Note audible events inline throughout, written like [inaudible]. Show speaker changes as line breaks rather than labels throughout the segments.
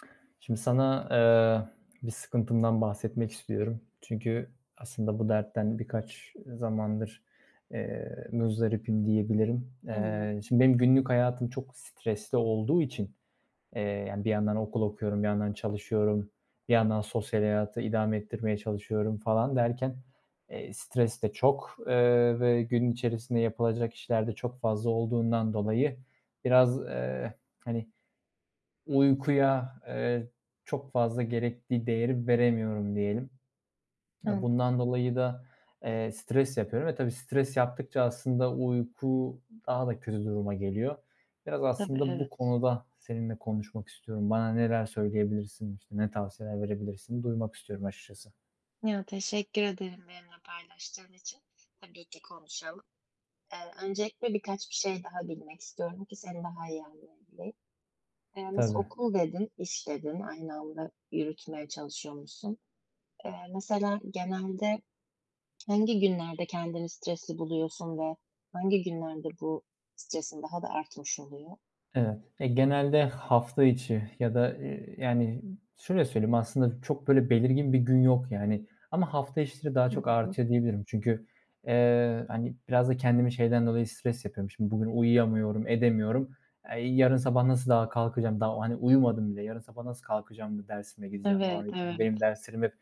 [smacks lips] Şimdi sana, eee, bir sıkıntımdan bahsetmek istiyorum. Çünkü aslında bu dertten birkaç, ııı, zamandır, eee, muzdaribim diyebilirim. Eee,
Anladım.
şimdi benim günlük hayatım çok stresli olduğu için, eee, yani, bir yandan okul okuyorum, bir yandan çalışıyorum, bir yandan sosyal hayatı idame ettirmeye çalışıyorum falan derken, eee, stres de çok, eee, ve gün içerisinde yapılacak işlerde çok fazla olduğundan dolayı biraz, eee, hani, uykuya, eee, çok fazla gerekli değeri veremiyorum diyelim. A,
Anladım.
bundan dolayı da, eee, stres yapıyorum. E, tabii, stres yaptıkça aslında uyku daha da kötü duruma geliyor. Biraz
Tabii.
aslında bu
Evet.
konuda seninle konuşmak istiyorum. Bana neler söyleyebilirsin, işte, ne tavsiyeler verebilirsin? Duymak istiyorum açıkçası.
Ya, teşekkür ederim benimle paylaştığın için. Tabii ki, konuşalım. Eee, öncelikle birkaç bir şey daha bilmek istiyorum ki seni daha iyi anlayabileyim. Eee, mesela
Tabii.
"okul" dedin, "iş" dedin, aynı anda yürütmeye çalışıyormuşsun. Eee, mesela genelde hangi günlerde kendini stresli buluyorsun ve hangi günlerde bu stresin daha da artmış oluyor?
Evet. Eee, genelde hafta içi ya da, ııı, yani, şöyle söyleyeyim aslında çok böyle belirgin bir gün yok, yani, ama hafta içleri daha çok
[unintelligible]
artıyor diyebilirim. Çünkü, eee, hani, biraz da kendimi şeyden dolayı stres yapıyorum. Şimdi bugün uyuyamıyorum, edemiyorum. Eee, yarın sabah nasıl daha kalkacağım daha, hani, "Uyumadım bile yarın sabah nasıl kalkacağım da dersime gideceğim?" falan
Evet,
diye. Çünkü
evet.
benim derslerim hep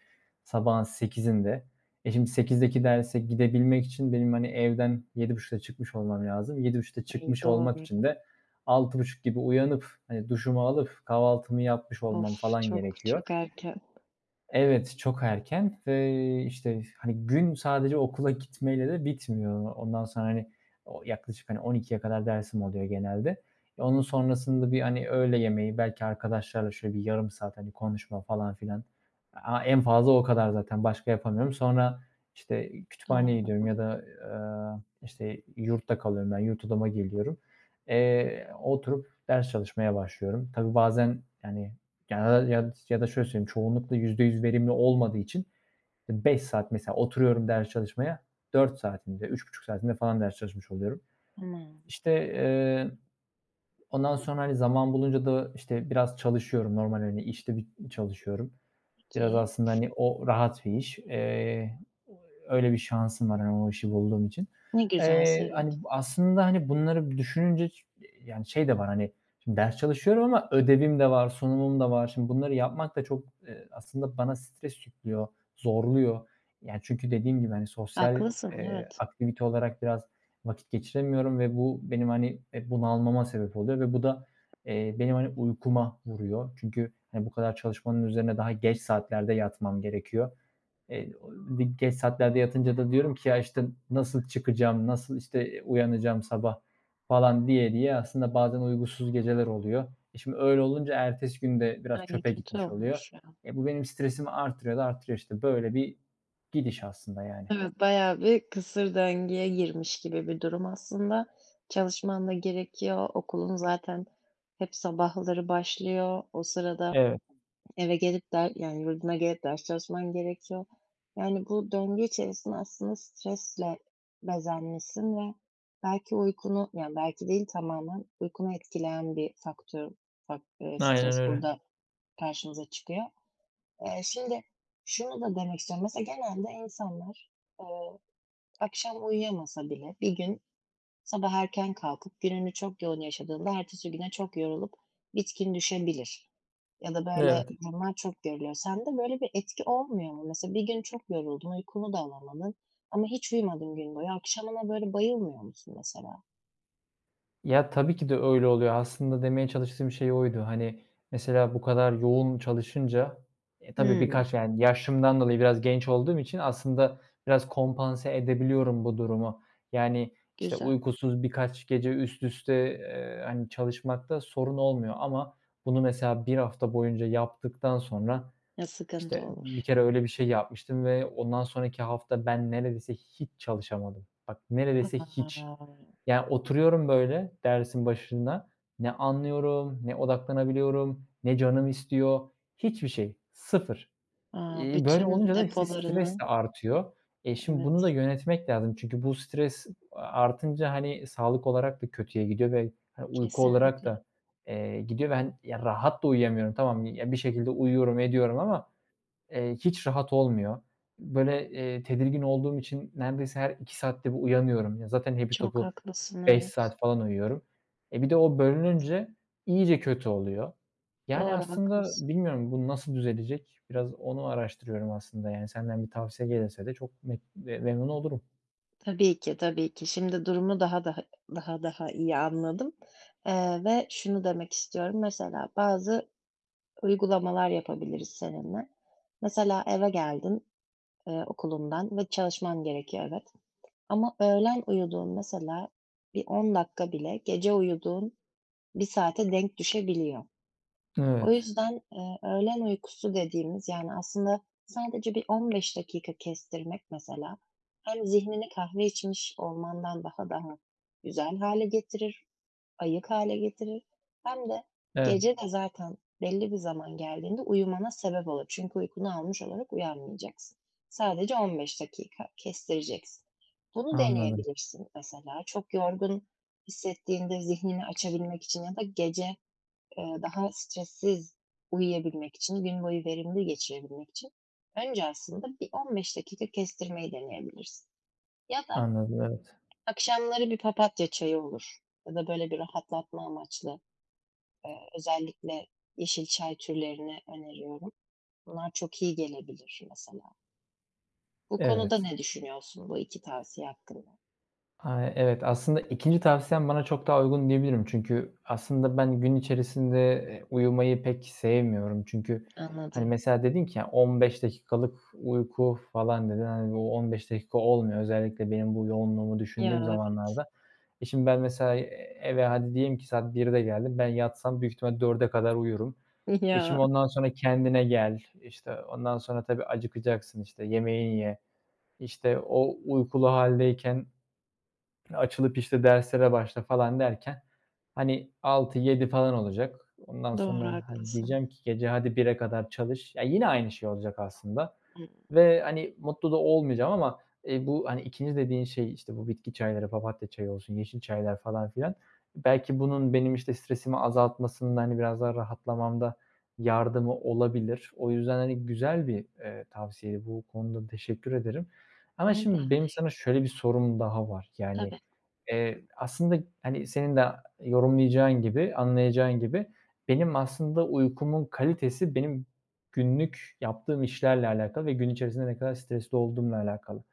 sabahın 8.00'inde. E, şimdi 8.00'deki derse gidebilmek için benim, hani, evden 7.30'da çıkmış olmam lazım. 7.30'da
Ay,
çıkmış olmak
doğru.
için de 6.30 gibi uyanıp, hani, duşumu alıp kahvaltımı yapmış olmam
Of!
falan
Çok,
gerekiyor.
çok erken.
Evet, çok erken ve, işte, hani, gün sadece okula gitmeyle de bitmiyor. Ondan sonra, hani, o yaklaşık 12.00'ye kadar dersim oluyor genelde. E, onun sonrasında, bir, hani, öğle yemeği belki arkadaşlarla şöyle bir yarım saat, hani, konuşma falan filan, a en fazla o kadar zaten, başka yapamıyorum. Sonra, işte,
Doğru.
kütüphaneye gidiyorum
[unintelligible]
ya da, ııı, işte, yurtta kalıyorum, ben yurt odama geliyorum. Eee, oturup ders çalışmaya başlıyorum. Tabii, bazen, yani [unintelligible] ya d ya da şöyle söyleyeyim çoğunlukla %100 verimli olmadığı için 5 saat mesela, oturuyorum ders çalışmaya, 4 saatinde, 3,5 saatinde falan ders çalışmış oluyorum. İşte,
[unintelligible]
eee, ondan sonra, hani, zaman bulunca da işte, biraz çalışıyorum, normal, hani, işte, bit çalışıyorum. Biraz,
Peki.
aslında, hani, o rahat bir iş. Eee, [unintelligible] öyle bir şansım var, hani, o işi bulduğum için.
Ne güzel,
Eee,
sevindim.
hani, bu aslında, hani, bunları bir düşününce ç yani, şey de var, hani, şimdi ders çalışıyorum ama ödevim de var, sunumum da var. Şimdi bunları yapmak da çok, eee, aslında bana stres yüklüyor, zorluyor. Yani, çünkü dediğim gibi, hani, sosyal,
Haklısın,
eee,
evet.
aktivite olarak biraz vakit geçiremiyorum ve bu benim, hani, eee, bunalmama sebep oluyor ve bu da, eee, benim, hani, uykuma vuruyor. Çünkü, hani, bu kadar çalışmanın üzerine daha geç saatlerde yatmam gerekiyor. Eee, [unintelligible] geç saatlerde yatınca da diyorum ki: "Ya, işte, nasıl çıkacağım, nasıl, işte, uyanacağım sabah?" falan diye, diye aslında bazen uykusuz geceler oluyor. E, şimdi öyle olunca ertesi gün de biraz
Ay,
çöpe
kötü
gitmiş oluyor.
olmuş, ya.
Eee, bu benim stresimi artırıyor da artırıyor, işte, böyle bir gidiş aslında, yani.
Evet, bayağı bir kısır döngüye girmiş gibi bir durum. Aslında çalışman da gerekiyor, okulun zaten hep sabahları başlıyor. O sırada
Evet.
eve gelip der yani, yurduna gelip ders çalışman gerekiyor, yani, bu döngü içerisinde aslında stresle bezenmişsin ve belki uykunu, yani, belki değil tamamen uykunu etkileyen bir faktör fakt ııı,
Aynen
stres
öyle.
burada karşımıza çıkıyor. Eee, şimdi şunu da demek istiyorum. Mesela genelde insanlar, ııı, akşam uyuyamasa bile bir gün sabah erken kalkıp gününü çok yoğun yaşadığında ertesi güne çok yorulup bitkin düşebilir ya da, böyle
Evet.
durumlar çok görülüyor. Sende böyle bir etki olmuyor mu? Mesela, bir gün çok yoruldun, uykunu da alamadın ama hiç uyumadın gün boyu akşamına böyle bayılmıyor musun mesela?
Ya, tabii ki de öyle oluyo. Aslında demeye çalıştığım şey oydu. Hani, mesela bu kadar yoğun çalışınca e, tabii,
Hımm.
birkaç yani, yaşımdan dolayı biraz genç olduğum için aslında biraz kompanse edebiliyorum bu durumu. Yani, işte,
Güzel.
uykusuz birkaç gece üst üste, eee, hani, çalışmakta sorun olmuyor ama bunu mesela 1 hafta boyunca yaptıktan sonra...
Ya, sıkıntı
İşte,
olur.
bir kere öyle bir şey yapmıştım ve ondan sonraki hafta ben neredeyse hiç çalışamadım. Bak
A.
neredeyse hiç. Yani oturuyorum, böyle, dersin başında; ne anlıyorum, ne odaklanabiliyorum, ne canım istiyor. Hiçbir şey sıfır.
A!
İii, böyle
Bütün
olunca da, işte, stres
depolarını...
artıyor. Eee, şimdi bunu da
Evet.
yönetmek lazım. Çünkü bu stres artınca, hani, sağlık olarak da kötüye gidiyor ve, hani, uyku olarak
Kesinlikle.
da, eee, gidiyor ve, hani, rahat da uyuyamıyorum. Tamam, ya, bir şekilde uyuyorum ediyorum ama, eee, hiç rahat olmuyor. Böyle, eee, tedirgin olduğum için neredeyse her 2 saatte bir uyanıyorum. Ya, zaten hepi
Çok
topu
haklısın,
5
evet.
saat falan uyuyorum. E, bir de o
[unintelligible]
bölününce iyice kötü oluyor. Yani,
Doğru
aslında
haklısın.
bilmiyorum bu nasıl düzelecek? Biraz onu araştırıyorum aslında. Yani, senden bir tavsiye gelirse de çok me memnun olurum.
Tabii ki, tabii ki. Şimdi durumu daha dah daha daha iyi anladım, eee, ve şunu demek istiyorum, mesela bazı uygulamalar yapabiliriz seninle. Mesela eve geldin, ııı, okulundan ve çalışman gerekiyor, evet. Ama öğlen uyuduğun mesela bir 10 dakika bile gece uyuduğun 1 saate denk düşebiliyor. O
Evet.
yüzden, eee, öğlen uykusu dediğimiz, yani, aslında sadece bir 15 dakika kestirmek mesela hem zihnini kahve içmiş olmandan daha daha güzel hale getirir, ayık hale getirir hem de
Evet.
gece de zaten belli bir zaman geldiğinde uyumana sebep olur. Çünkü uykunu almış olarak uyanmayacaksın. Sadece 15 dakika kestireceksin. Bunu
Anladım.
deneyebilirsin mesela. Çok yorgun hissettiğinde zihnini açabilmek için ya da gece, eee, daha stressiz uyuyabilmek için, gün boyu verimli geçirebilmek için önce aslında, bir 15 dakika kestirmeyi deneyebilirsin ya da
Anladım, evet.
akşamları bir papatya çayı olur ya da, böyle, bir rahatlatma amaçlı, eee, özellikle yeşil çay türlerini öneriyorum. Bunlar çok iyi gelebilir mesela. Bu konuda
Evet.
ne düşünüyorsun, bu 2 tavsiye hakkında?
A, evet. Aslında 2'nci tavsiyen bana çok daha uygun diyebilirim. Çünkü aslında ben gün içerisinde, eee, uyumayı pek sevmiyorum. Çünkü hani
Anladım.
mesela dedin ki ya, 15 dakikalık uyku falan, dedin. Hani, bu 15 dakika olmuyor. Özellikle benim bu yoğunluğumu
Ya,
düşündüğüm
evet.
zamanlarda. E, şimdi ben, mesela, eee, eve hadi diyelim ki saat 13.00'de geldim. Ben yatsam, büyük ihtimal 16.00'ya kadar uyurum. E,
Ya.
şimdi ondan sonra kendine gel, işte, ondan sonra, tabii, acıkacaksın, işte, yemeğini ye. İşte, o uykulu hâldeyken açılıp, işte, derslere başla falan derken, hani, 18.00-19.00 falan olacak. Ondan
Doğru,
sonra, hadi,
haklısın.
diyeceğim ki hadi gece 01.00'e kadar çalış. Ya, yine aynı şey olacak aslında
Hıı.
ve, hani, mutlu da olmayacağım. Ama, eee, bu, hani, 2'nci dediğin şey, işte, bu bitki çayları; papatya çayı olsun, yeşil çaylar falan filan, belki bunun benim, işte, stresimi azaltmasında, hani, biraz daha rahatlamamda yardımı olabilir. O yüzden, hani, güzel bir, eee, tavsiye. Bu konuda teşekkür ederim. Ama
Ne
şimdi benim sana
demek.
şöyle bir sorum daha var. Yani,
Tabii.
eee, aslında, hani, senin de yorumlayacağın gibi, anlayacağın gibi, benim aslında uykumun kalitesi, benim günlük yaptığım işlerle alakalı ve gün içerisinde ne kadar stresli olduğumla alakalı.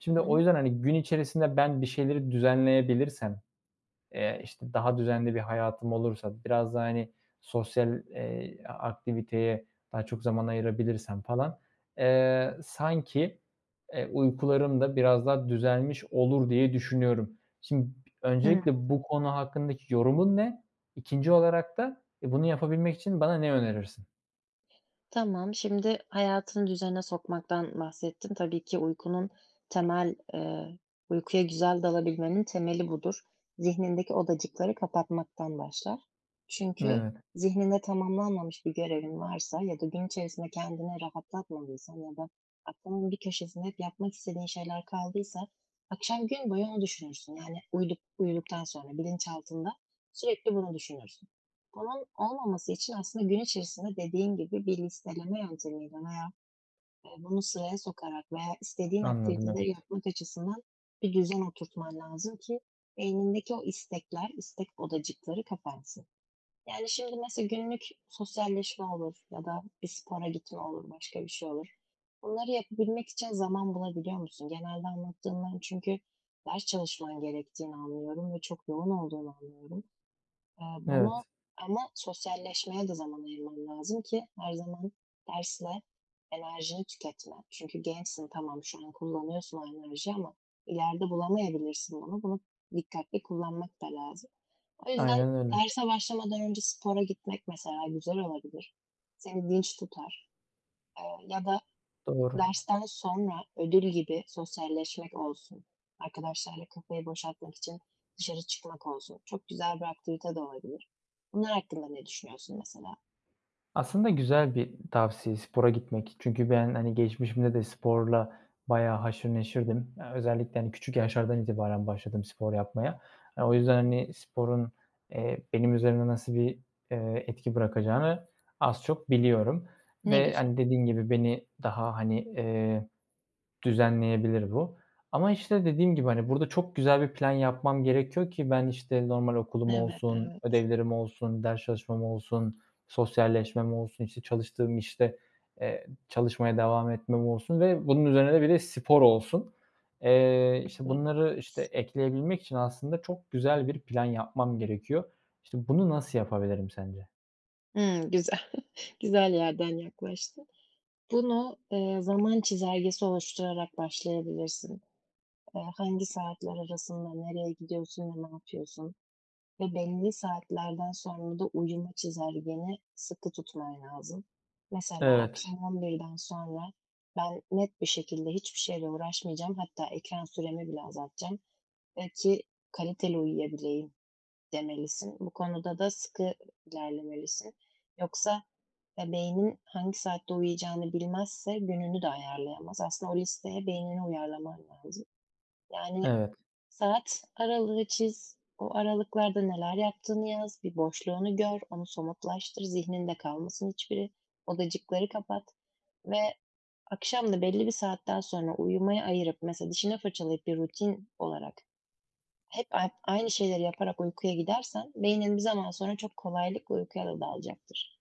Şimdi o
Tamam.
yüzden, hani, gün içerisinde ben bir şeyleri düzenleyebilirsem, eee, işte, daha düzenli bir hayatım olursa, biraz daha, hani, sosyal, eee, a aktiviteye daha çok zaman ayırabilirsem falan, eee, sanki, eee, uykularım da biraz daha düzelmiş olur diye düşünüyorum. Şim b
Hıh.
öncelikle bu konu hakkındaki yorumun ne? 2'nci olarak da e, bunu yapabilmek için bana ne önerirsin?
Tamam, şimdi hayatını düzene sokmaktan bahsettin. Tabii ki uykunun temel, eee, uykuya güzel dalabilmenin temeli budur. Zihnindeki odacıkları kapatmaktan başlar. Çünkü
Evet.
zihninde tamamlanmamış bir görevin varsa ya da gün içerisinde kendini rahatlatmadıysan ya da aklının bir köşesinde hep yapmak istediğin şeyler kaldıysa akşam gün boyu onu düşünürsün. Yani, uyuduk uyuduktan sonra bilinçaltında sürekli bunu düşünürsün. Bunun olmaması için aslında gün içerisinde, dediğin gibi, bir listeleme yöntemiyle veya, ııı, bunu sıraya sokarak veya istediğin
Anladım,
aktiviteleri
evet.
yapmak açısından bir düzen oturtman lazım ki beynindeki o istekler, istek odacıkları kapansın. Yani, şimdi, mesela günlük sosyalleşme olur ya da bir spora gitme olur, başka bir şey olur, bunları yapabilmek için zaman bulabiliyor musun? Genelde anlattığından çünkü ders çalışman gerektiğini anlıyorum ve çok yoğun olduğunu anlıyorum. Eee,
Evet.
bunu ama sosyalleşmeye de zaman ayırman lazım ki her zaman dersle enerjini tüketme. Çünkü gençsin, tamam şu an kullanıyorsun o enerjiyi ama ileride bulamayabilirsin bunu. Bunu dikkatli kullanmak da lazım. O yüzden
Aynen öyle.
derse başlamadan önce spora gitmek mesela güzel olabilir, seni dinç tutar, eee, ya da
Doğru.
dersten sonra ödül gibi sosyalleşmek olsun, arkadaşlarla kafayı boşaltmak için dışarı çıkmak olsun, çok güzel bir aktivite de olabilir. Bunlar hakkında ne düşünüyorsun mesela?
Aslında güzel bir tavsiye spora gitmek. Çünkü ben, hani, geçmişimde de sporla bayağı haşır neşirdim. Eee, özellikle, hani, küçük yaşlardan itibaren başladım spor yapmaya. Eee, o yüzden, hani, sporun, eee, benim üzerimde nasıl bir, eee, etki bırakacağını az çok biliyorum
Ne
ve,
güzel.
hani, dediğim gibi, beni daha, hani, eee, düzenleyebilir bu. Ama, işte, dediğim gibi, hani, burada çok güzel bir plan yapmam gerekiyor ki ben, işte, normal okulum
Evet,
olsun,
evet.
ödevlerim olsun, ders çalışmam olsun, sosyalleşmem olsun, işte, çalıştığım işte, eee, çalışmaya devam etmem olsun ve bunun üzerine bir de spor olsun. Eee, işte,
Evet.
bunları, işte, ekleyebilmek için aslında çok güzel bir plan yapmam gerekiyor. İşte, bunu nasıl yapabilirim sence?
Hımm, güzel, [chuckles] güzel yerden yaklaştın. Bunu, eee, zaman çizelgesi oluşturarak başlayabilirsin. Eee, hangi saatler arasında nereye gidiyorsun ve ne yapıyorsun ve belli saatlerden sonra da uyuma çizelgeni sıkı tutman lazım. Mesela,
Evet.
akşam 11'den sonra ben net bir şekilde hiçbir şeyle uğraşmayacağım. Hatta ekran süremi bile azaltacağım, eee, ki kaliteli uyuyabileyim, demelisin. Bu konuda da sıkı ilerlemelisin. Yoksa, eee, beynin hangi saatte uyuyacağını bilmezse gününü de ayarlayamaz. Aslında o listeye beynini uyarlaman lazım. Yani,
Evet.
saat aralığı çiz, o aralıklarda neler yaptığını yaz, bir boşluğunu gör, onu somutlaştır, zihninde kalmasın hiçbiri, odacıkları kapat ve akşam da belli bir saatten sonra uyumaya ayırıp mesela dişini fırçalayıp bir rutin olarak hep ay aynı şeyleri yaparak uykuya gidersen beynin bir zaman sonra çok kolaylıkla uykuya da dalacaktır.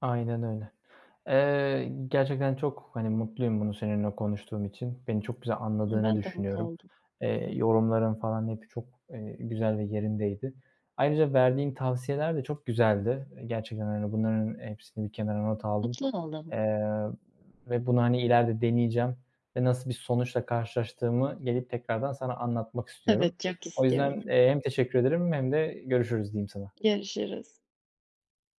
Aynen öyle. Eee, gerçekten çok, hani, mutluyum bunu seninle konuştuğum için. Beni çok güzel
E,
anladığını
ben de mutlu
düşünüyorum.
oldum.
Eee, yorumların falan hep çok, eee, güzel ve yerindeydi. Ayrıca verdiğin tavsiyeler de çok güzeldi. Eee, gerçekten, hani, bunların hepsini bir kenara not aldım.
Mutlu oldum.
Eee, ve bunu, hani, ileride deneyeceğim ve nasıl bir sonuçla karşılaştığımı gelip tekrardan sana anlatmak istiyorum.
Evet, çok
O yüzden,
istiyorum.
eee, hem teşekkür ederim hem de görüşürüz diyeyim sana.
Görüşürüz.